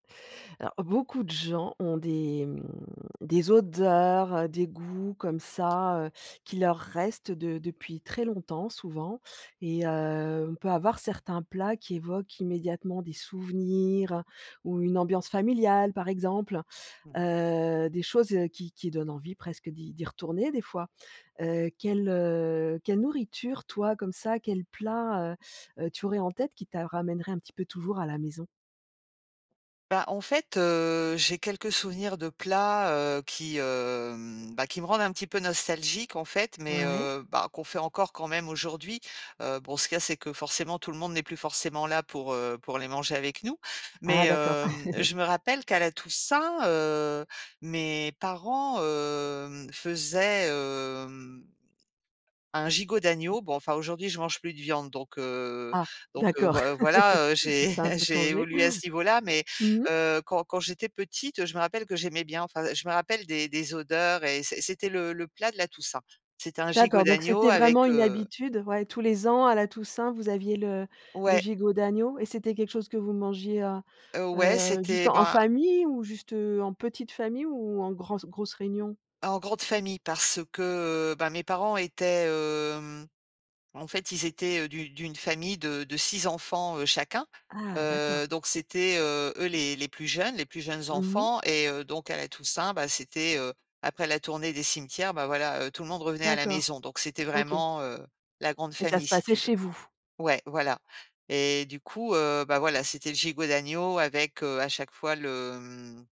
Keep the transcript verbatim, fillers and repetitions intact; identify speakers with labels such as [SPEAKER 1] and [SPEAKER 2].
[SPEAKER 1] Alors, beaucoup de gens ont des, mmh, des odeurs, des goûts comme ça, heu, qui leur restent de depuis très longtemps, souvent et heu, on peut avoir certains plats qui évoquent immédiatement des souvenirs, ou une ambiance familiale, par exemple,
[SPEAKER 2] Mmh.
[SPEAKER 1] heu, des choses qui qui donnent envie presque d'y d'y retourner des fois. Heu, quelle, heu, quelle nourriture, toi, comme ça, quel plat, heu, heu, tu aurais en tête qui t'a ramènerait un petit peu toujours à la maison?
[SPEAKER 2] Bah en fait, heu, j'ai quelques souvenirs de plats, heu, qui, hem, bah, me rendent un petit peu nostalgique, en fait, mais,
[SPEAKER 1] Ouais.
[SPEAKER 2] heu, bah, qu'on fait encore quand même aujourd'hui. Heu, bon, ce qu'il y a, c'est que, forcément, tout le monde n'est plus forcément là pour, heu, pour les manger avec nous. Mais,
[SPEAKER 1] Ah d'accord.
[SPEAKER 2] hem, je me rappelle qu'à la Toussaint, heu, mes parents, hem, faisaient, hem, un gigot d'agneau. Bon, enfin, aujourd'hui, je mange plus de viande, donc, heu,
[SPEAKER 1] Ah
[SPEAKER 2] donc, heu,
[SPEAKER 1] d'accord,
[SPEAKER 2] voi voilà, heu, j'ai
[SPEAKER 1] ça a un peu
[SPEAKER 2] j'ai
[SPEAKER 1] changé?
[SPEAKER 2] évolué à ce niveau là. Mais,
[SPEAKER 1] Mmh mh.
[SPEAKER 2] heu, quand quand j'étais petite, je me rappelle que j'aimais bien, enfin je me rappelle des des odeurs et c'é c'était le le plat de la Toussaint. C'était un gigot
[SPEAKER 1] D'accord, donc
[SPEAKER 2] d'agneau
[SPEAKER 1] c'était vraiment
[SPEAKER 2] avec,
[SPEAKER 1] une
[SPEAKER 2] heu
[SPEAKER 1] habitude. Ouais tous les ans, à la Toussaint, vous aviez le le
[SPEAKER 2] Ouais.
[SPEAKER 1] gigot d'agneau et c'était quelque chose que vous mangiez, heu,
[SPEAKER 2] Heu, ouais,
[SPEAKER 1] heu, juste
[SPEAKER 2] c'était
[SPEAKER 1] en en
[SPEAKER 2] bah
[SPEAKER 1] famille ou juste, heu, en petite famille ou en gransse grosse réunion?
[SPEAKER 2] En grande famille parce que, heu, ben, mes parents étaient, hem, en fait, ils étaient, heu, d'u d'une famille de de six enfants, heu, chacun.
[SPEAKER 1] Ah d'accord.
[SPEAKER 2] Heu, donc c'était, heu, eux les les plus jeunes les plus jeunes
[SPEAKER 1] Mmh mh.
[SPEAKER 2] enfants et heu, donc à la Toussaint, bah, c'était, heu, après la tournée des cimetières, bah, voilà, heu, tout le monde revenait à la
[SPEAKER 1] D'accord,
[SPEAKER 2] maison. Donc c'était
[SPEAKER 1] OK.
[SPEAKER 2] vraiment, heu, la grande
[SPEAKER 1] Et ça se
[SPEAKER 2] famille, si
[SPEAKER 1] passait
[SPEAKER 2] tu veux.
[SPEAKER 1] chez vous?
[SPEAKER 2] Ouais, voilà et du coup, heu, bah, voilà, c'était le gigot d'agneau avec, heu, à chaque fois le, mmh